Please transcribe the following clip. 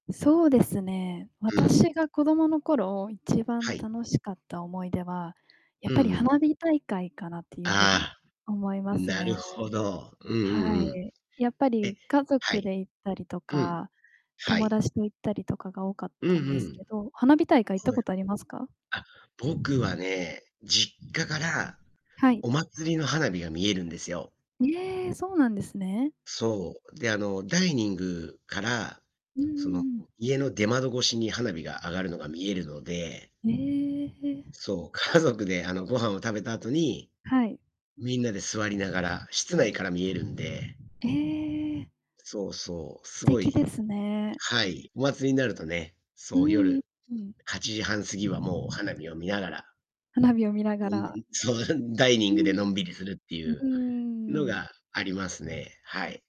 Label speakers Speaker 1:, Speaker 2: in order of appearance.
Speaker 1: そうですね、
Speaker 2: うん。
Speaker 1: 私が子供の頃一番
Speaker 2: はい。
Speaker 1: 楽しかった思い出は、やっ
Speaker 2: う
Speaker 1: ぱ
Speaker 2: んう
Speaker 1: り
Speaker 2: ん。
Speaker 1: 花火大会かなっていうふうに
Speaker 2: ああ、
Speaker 1: 思います
Speaker 2: なる
Speaker 1: ね。
Speaker 2: ほど。うん
Speaker 1: は
Speaker 2: うんうん。
Speaker 1: い。やっぱ
Speaker 2: え、
Speaker 1: り家
Speaker 2: は
Speaker 1: 族
Speaker 2: い。
Speaker 1: で行ったりと
Speaker 2: うん。
Speaker 1: か、
Speaker 2: は
Speaker 1: 友
Speaker 2: い。
Speaker 1: 達と行ったりとかが多かっ
Speaker 2: うん
Speaker 1: た
Speaker 2: う
Speaker 1: んです
Speaker 2: ん。
Speaker 1: けど。花火大会行った
Speaker 2: はい。
Speaker 1: ことありますか？
Speaker 2: あ、僕は
Speaker 1: [unintelligible]
Speaker 2: ね、実家から
Speaker 1: はい。
Speaker 2: お祭りの花火が見えるんですよ。
Speaker 1: え、そうなんですね。
Speaker 2: そう。で、あの、ダイニングから、
Speaker 1: うんう
Speaker 2: そ
Speaker 1: ん
Speaker 2: の、
Speaker 1: うん。
Speaker 2: 家の出窓越しに花火が上がるのが見えるので
Speaker 1: へえ。
Speaker 2: そう、家族であの、ご飯を食べた後に
Speaker 1: はい。
Speaker 2: みんなで座りながら、室内から見えるんで
Speaker 1: え。
Speaker 2: そうそう。
Speaker 1: 素
Speaker 2: すご
Speaker 1: 敵で
Speaker 2: い
Speaker 1: すね。
Speaker 2: はい。お祭りになるとね、
Speaker 1: う
Speaker 2: そう
Speaker 1: ーん、
Speaker 2: 夜
Speaker 1: うん。
Speaker 2: 8時半過ぎはもう花火を見ながら
Speaker 1: 花火を見なが
Speaker 2: のんび
Speaker 1: ら。
Speaker 2: りそう、んダイニ
Speaker 1: う
Speaker 2: ングで
Speaker 1: ん。
Speaker 2: のんびりするって
Speaker 1: う
Speaker 2: い
Speaker 1: んう
Speaker 2: うの
Speaker 1: ん
Speaker 2: があります
Speaker 1: うん。
Speaker 2: ね。はい。